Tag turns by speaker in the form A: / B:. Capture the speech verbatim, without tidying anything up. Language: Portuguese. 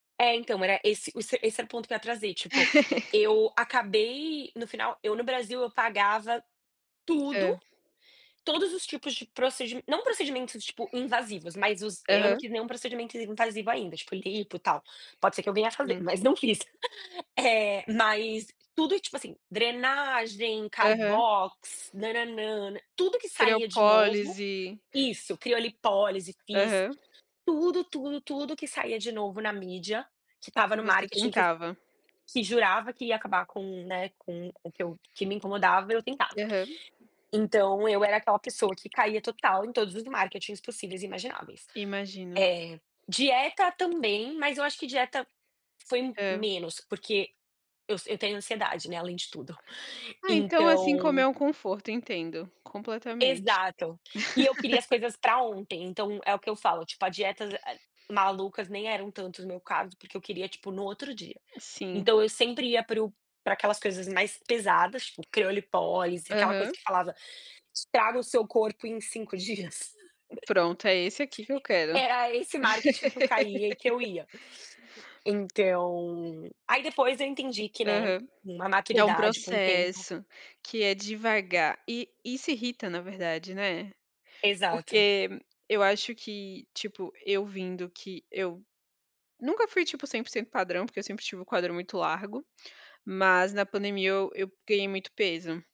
A: É, então, era esse o se essa era o ponto que eu ia trazer, tipo, eu acabei no final eu no Brasil, eu pagava tudo,
B: Hã.
A: todos os tipos de procedi não procedimentos, tipo invasivos, mas os eu não
B: Aham.
A: fiz nenhum procedimento invasivo ainda, tipo lipo, tal. Pode ser que eu venha a fazer,
B: Sim.
A: mas não fiz, eh, mas tudo e, tipo assim, drenagem,
B: Aham.
A: Carbox, nã-nã-nã, nã tudo que saía de novo
B: creopólise.
A: Isso, criolipólise, fiz.
B: Aham.
A: Tudo, tudo, tudo que saía de novo na mídia, que tava
B: E
A: no
B: você
A: marketing que
B: tentava?
A: que jurava que ia acabar com o, né, com o que eu que me incomodava, eu tentava.
B: Aham.
A: Então eu era aquela pessoa que caía total em todos os marketings possíveis e imagináveis.
B: Imagino.
A: É, dieta também, mas eu acho que dieta foi
B: Hã.
A: menos, porque eu s eu tenho ansiedade, né, além de tudo,
B: Ah, então assim, como
A: então
B: é um conforto, entendo completamente.
A: Exato. E eu queria as coisas pra ontem, então é o que eu falo, tipo, a dieta as malucas nem eram tanto o meu caso, porque eu queria, tipo, no outro dia,
B: Sim.
A: então eu sempre ia para o pra aquelas coisas mais pesadas, tipo, criolipólise, aquela coisa
B: Aham.
A: que falava: "Te trago o seu corpo em cinco dias".
B: Pronto, é esse aqui que eu quero.
A: Era esse marketing que eu caía e que eu ia. Então, aí depois eu entendi que, né,
B: Aham.
A: uma
B: Que é um
A: maturidade com o tempo
B: processo, que é devagar. E e isso irrita na verdade, né?
A: Exato.
B: Porque eu acho que, tipo, eu vindo que eu nunca fui, tipo, cem por cento padrão, porque eu sempre tive o quadril muito largo, mas na pandemia eu eu ganhei muito peso.